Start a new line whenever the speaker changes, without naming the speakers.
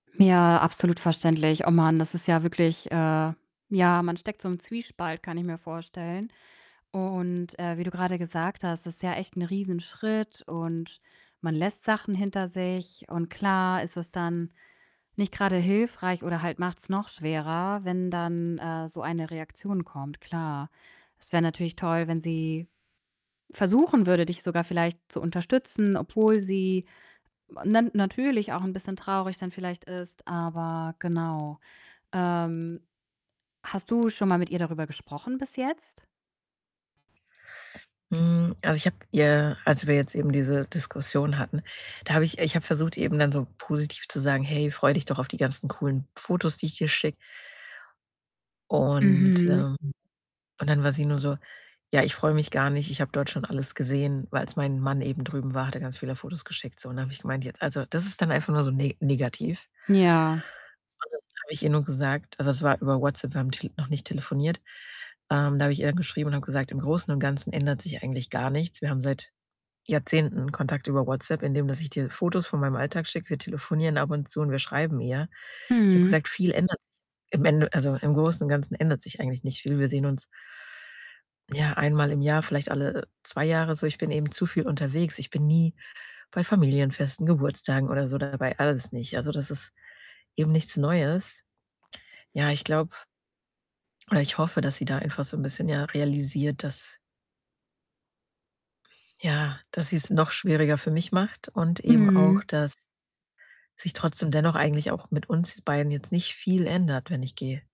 Ja, absolut verständlich. Oh Mann, das ist ja wirklich äh, ja, man steckt so im Zwiespalt, kann ich mir vorstellen. Und, äh, wie du grade gesagt hast, das ist ja echt 'n Riesenschritt und man lässt Sachen hinter sich, und klar, ist es dann nicht grade hilfreich oder halt macht's noch schwerer, wenn dann, äh, so eine Reaktion kommt, klar. Es wäre natürlich toll, wenn sie versuchen würde, dich sogar vielleicht zu unterstützen, obwohl sie nen natürlich auch 'n bisschen traurig dann vielleicht ist, aber genau. Ähm, hast du schon mal mit ihr darüber gesprochen bis jetzt?
Hm, also, ich habe ihr, als wir jetzt eben diese Diskussion hatten da habe ich ich habe versucht, eben dann so positiv zu sagen: „Hey, freu dich doch auf die ganzen coolen Fotos, die ich dir schicke.“ Und,
Mhm.
ähm und dann war sie nur so: „Ja, ich freue mich gar nicht, ich habe dort schon alles gesehen. Als mein Mann eben drüben war, hat er ganz viele Fotos geschickt, so.“ Und da habe ich gemeint: „Jetzt also, das ist dann einfach nur so ne negativ.“
Ja.
Und dann habe ich ihr nur gesagt also, das war über WhatsApp, wir haben tel noch nicht telefoniert. Ähm, da habe ich ihr dann geschrieben und habe gesagt: „Im Großen und Ganzen ändert sich eigentlich gar nichts. Wir haben seit Jahrzehnten Kontakt über WhatsApp, indem dass ich dir Fotos von meinem Alltag schicke. Wir telefonieren ab und zu und wir schreiben eher.“ Ich habe
Mhm.
gesagt: „Viel ändert sich im Ende also, im Großen und Ganzen ändert sich eigentlich nicht viel. Wir sehen uns“ „ja, einmal im Jahr, vielleicht alle 2 Jahre so. Ich bin eben zu viel unterwegs.“ Ich bin nie bei Familienfesten, Geburtstagen oder so dabei, alles nicht. Also, das ist eben nichts Neues. Ja, ich glaube oder ich hoffe, dass sie da einfach so 'n bisschen, ja, realisiert, dass ja, dass sie's noch schwieriger für mich macht und eben
Mhm.
auch, dass sich trotzdem dennoch eigentlich auch mit uns beiden jetzt nicht viel ändert, wenn ich gehe.